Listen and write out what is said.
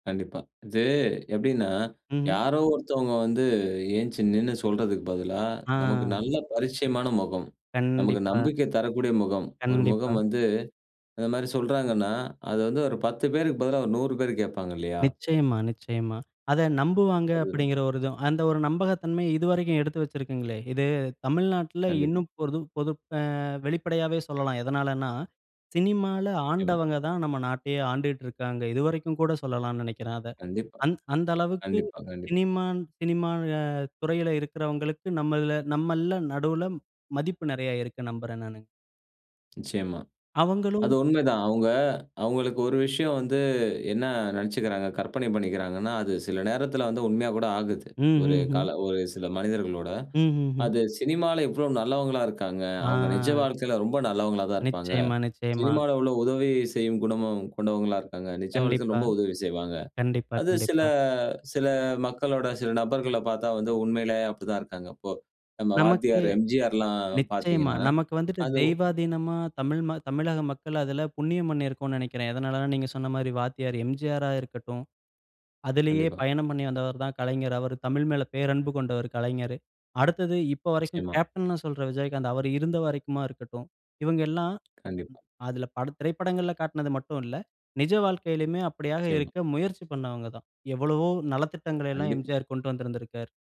கண்டிப்பா. இது எப்டின்னா ம்ஹ்ம். யாரோ ஒருத்தவங்க வந்து எந்திச்சி நின்னு சொல்றதுக்கு பதிலா, நமக்கு ஆ. நல்ல பரிச்சயமான முகம், நமக்கு கண்டிப்பா நம்பிக்கை தரக்கூடிய முகம், ஒரு கண்டிப்பா. முகம் வந்து இந்த மாரி சொல்றாங்கன்னா அது வந்து ஒரு 10 பேருக்கு பதிலா ஒரு 100 பேர் கேட்பாங்க இல்லையா? நிச்சியமா, நிச்சியமா. அத நம்புவாங்க அதேதான். அப்டிங்கிற ஒரு இதும். அந்த ஒரு நம்பகத்தன்மையை இதுவரைக்கும் எடுத்து வச்சிருக்கீங்களே! இது தமிழ்நாட்ல கண்டிப்பா. இன்னும் பொருதும் பொது ஆ வெளிப்படையாவே சொல்லலாம். எதனாலன்னா, சினிமால நிச்சியமா. ஆண்டவங்க தான் நம்ம நாட்டையே ஆண்டுட்டு இருக்காங்க. இதுவரைக்கும் கூட சொல்லலாம்னு நெனைக்கிறேன் அத. கண்டிப்பா, அந் அந்த அளவுக்கு கண்டிப்பா, கண்டிப்பா. சினிமா சினிமா துறையில இருக்கிறவங்களுக்கு நம்மள்ல நம்மள்ல நடுல மதிப்பு நெறைய இருக்குன்னு நம்புறேன் நானு. நிச்சியமா அவங்களும் அது உண்மைதான். அவுங்க அவுங்களுக்கு ஒரு விஷயம் வந்து என்ன நெனைச்சுக்கிறாங்க, கற்பனை பண்ணிக்கிறாங்கன்னா அது சில நேரத்துல வந்து உண்மையா கூட ஆகுது. ம், ஒரு ம், ம். காலம் ஒரு சில மனிதர்களோட ம், ம், ம். அது சினிமால எவ்வளோ நல்லவங்களா இருக்காங்க, அவங்க நிஜ ஆ. வாழ்க்கையில ரொம்ப நல்லவங்களா தான் இருப்பாங்க. நிச்சியமா, நிச்சியமா. சினிமால உள்ள உதவி செய்யும் குணமும் கொண்டவங்களா இருக்காங்க. நிஜ வாழ்க்கையில கண்டிப்பா. ரொம்ப உதவி செய்வாங்க. கண்டிப்பா, அது சில கண்டிப்பா. சில மக்களோட சில நபர்கள பார்த்தா வந்து உண்மையிலேயே அப்டிதான் இருக்காங்க அப்போ. நம்ம நமக்கு வாத்தியார் எம்ஜிஆர்லாம் நிச்சியமா. பார்த்தீங்கன்னா நமக்கு வந்துட்டு அது தெய்வாதீனமா தமிழ் ம தமிழக மக்கள் அதில புண்ணியம் பண்ணியிருக்கோம்னு நெனைக்கிறேன். எதனாலனா நீங்க சொன்ன மாரி வாத்தியார் எம்ஜிஆரா இருக்கட்டும். அதிலேயே கண்டிப்பா. பயணம் பண்ணி வந்தவர் தான் கலைஞர். அவர் தமிழ் மேல பேரன்பு கொண்டவர் கலைஞர். அடுத்தது இப்போ வரைக்கும் நிச்சியமா. கேப்டன்னு சொல்ற விஜயகாந்த், அவர் இருந்த வரைக்குமா இருக்கட்டும். இவங்க எல்லாம் கண்டிப்பா. அதுல பல திரைப்படங்கள்ல காட்டுனது மட்டும் இல்ல. நிஜ வாழ்க்கையிலுமே அப்டியாக நிச்சியமா. இருக்க முயற்சி பண்ணவங்க தான். எவ்வளவோ நலத்திட்டங்களை எல்லாம் கண்டிப்பா. எம்ஜிஆர் கொண்டு வந்திருந்திருக்கார்.